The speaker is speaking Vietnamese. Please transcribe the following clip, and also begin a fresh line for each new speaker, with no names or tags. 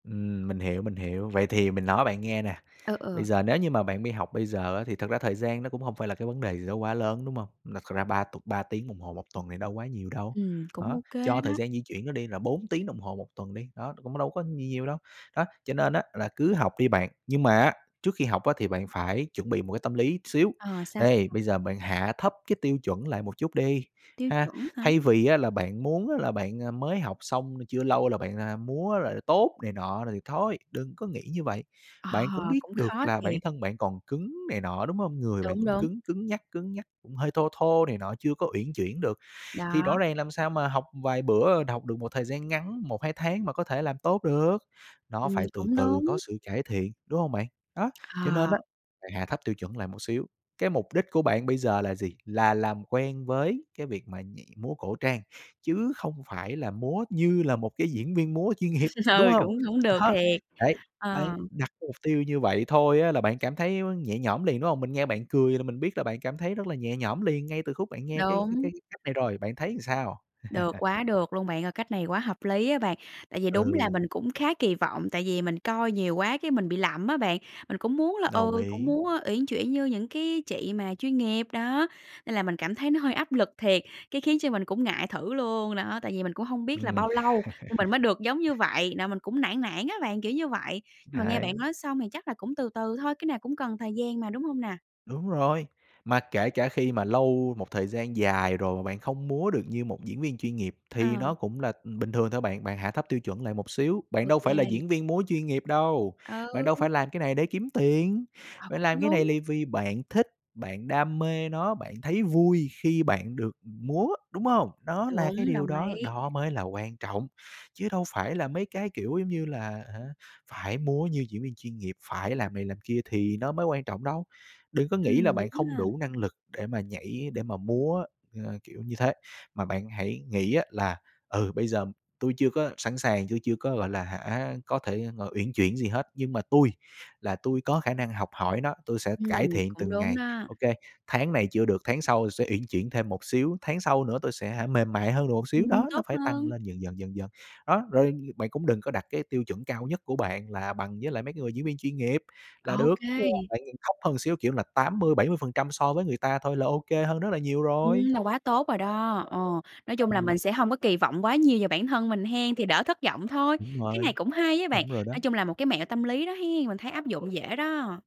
Ừm, mình hiểu, mình hiểu, vậy thì mình nói bạn nghe nè.
Ờ,
Bây
ờ.
giờ nếu như mà bạn mi học bây giờ thì á, thật ra thời gian nó cũng hông phải là cái vấn đề gì đó quá lớn, đúng không? Nực à, ra ba tục 3 tiếng đồng hồ 1 tuần thì đâu quá nhiều đâu.
Ừm, cũng
Đó,
ô kê
cho thời
đó.
gian di chuyển nữa đi là 4 tiếng đồng hồ 1 tuần đi, đó, cũng đâu có gì nhiều đâu. Đó, cho nên á là cứ học đi bạn, nhưng mà á, trước khi học á thì bạn phải chuẩn bị một cái tâm lý xíu.
Ờ, sao,
Đây,
sao?
bây giờ bạn hạ thấp cái tiêu chuẩn lại một chút đi
Tiêu
ha,
chuẩn hả?
thay vì á là bạn muốn á là bạn, a, mới học xong chưa lâu là bạn, a, múa là tốt này nọ rồi thì thôi, đừng có nghĩ như vậy.
Ờ,
Bạn cũng biết
cũng
được
khó
là bản
thiệt.
thân bạn còn cứng này nọ, đúng hông? Người bạn
Đúng,
cũng
đúng.
cứng cứng nhắc, cứng nhắc, cũng hơi thô thô này nọ chưa có uyển chuyển được. Thì
Đó.
rõ ràng làm sao mà học vài bữa, học được một thời gian ngắn, 1, 2 tháng mà có thể làm tốt được, nó
Ừm,
phải từ
cũng
từ có
đúng.
sự cải thiện, đúng hông bạn? Đó, cho nên
Ờ.
á, bạn hạ thấp tiêu chuẩn lại một xíu. Cái mục đích của bạn bây giờ là gì? Là làm quen với cái việc mà nhảy múa cổ trang, chứ không phải là múa như là một cái diễn viên múa chuyên nghiệp, đúng
Ừ,
hông?
cũng hổng được
Đó,
thiệt.
đấy, bạn
Ờ.
đặt mục tiêu như vậy thôi á, là bạn cảm thấy nhẹ nhõm liền, đúng không? Mình nghe bạn cười là mình biết là bạn cảm thấy rất là nhẹ nhõm liền ngay từ khúc bạn nghe cái cái
Đúng.
cái cách này rồi, bạn thấy làm sao?
Được, quá được luôn bạn ơi, cách này quá hợp lý á bạn. Tại vì đúng là
Ừ.
mình cũng khá kỳ vọng, tại vì mình coi nhiều quá cái mình bị lậm á bạn, mình cũng muốn là,
Đồng
ừ, cũng
ý.
muốn, ơ, uyển chuyển như những cái chị mà chuyên nghiệp, đó. Nên là mình cảm thấy nó hơi áp lực thiệt, cái khiến cho mình cũng ngại thử luôn, đó. Tại vì mình cũng hông biết là
Ừm.
bao lâu thì mình mới được giống như vậy, nà mình cũng nản nản á bạn, kiểu như vậy. Nhưng mà nghe
Đấy.
bạn nói xong thì chắc là cũng từ từ thôi, cái nào cũng cần thời gian mà, đúng hông nà?
Đúng rồi, mà kể cả khi mà lâu một thời gian dài rồi, mà bạn không múa được như một diễn viên chuyên nghiệp, thì
À.
nó cũng là, ừm, bình thường thôi bạn. Bạn hạ thấp tiêu chuẩn lại một xíu,
Ô
bạn đâu phải là
kê.
diễn viên múa chuyên nghiệp đâu. Bạn đâu
Ừ.
phải làm cái này để kiếm tiền,
À,
bạn
cũng
làm cái này
đúng.
là vì bạn thích, bạn đam mê nó, bạn thấy vui khi bạn được múa, đúng hông? Đó là cái
Đúng,
điều
đồng
đó,
ý.
đó mới là quan trọng, chứ đâu phải là mấy cái, kiểu, giống như là hả, phải múa như diễn viên chuyên nghiệp, phải làm này làm kia thì nó mới quan trọng đâu. Đừng có nghĩ là
Ừm, đúng
bạn không
ha.
đủ năng lực để mà nhảy, để mà múa, ờ, kiểu như thế. Mà bạn hãy nghĩ á, là, ừ, bây giờ tui chưa có sẵn sàng, tui chưa có, gọi là hả, có thể, ờ, uyển chuyển gì hết, nhưng mà tui là tui có khả năng học hỏi nó, tui sẽ cải
Ừm,
thiện
cũng
từng
đúng
ngày.
đó.
Ô kê, tháng này chưa được, tháng sau sẽ uyển chuyển thêm một xíu, tháng sau nữa tui sẽ hả mềm mại hơn được một xíu,
Ừm,
đó, nó
tốt
phải tăng
hơn.
lên dần dần, dần dần. Đó, rồi, bạn cũng đừng có đặt cái tiêu chuẩn cao nhất của bạn là bằng với lại mấy cái người diễn viên chuyên nghiệp là
Ô
được, chưa
kê.
bạn nhìn thấp hơn xíu kiểu là 80%, 70% so với người ta thôi là ô kê hơn rất là nhiều rồi.
Ừm, là quá tốt rồi đó. Ờ, nói chung là mình
Ừm.
sẽ hông có kỳ vọng quá nhiều về bản thân mình hen? Thì đỡ thất vọng thôi.
Đúng
Cái này
rồi,
cũng hay á bạn,
đúng rồi
nói
đó.
chung là một cái mẹo tâm lý đó hen? Mình thấy áp dụng dễ đó.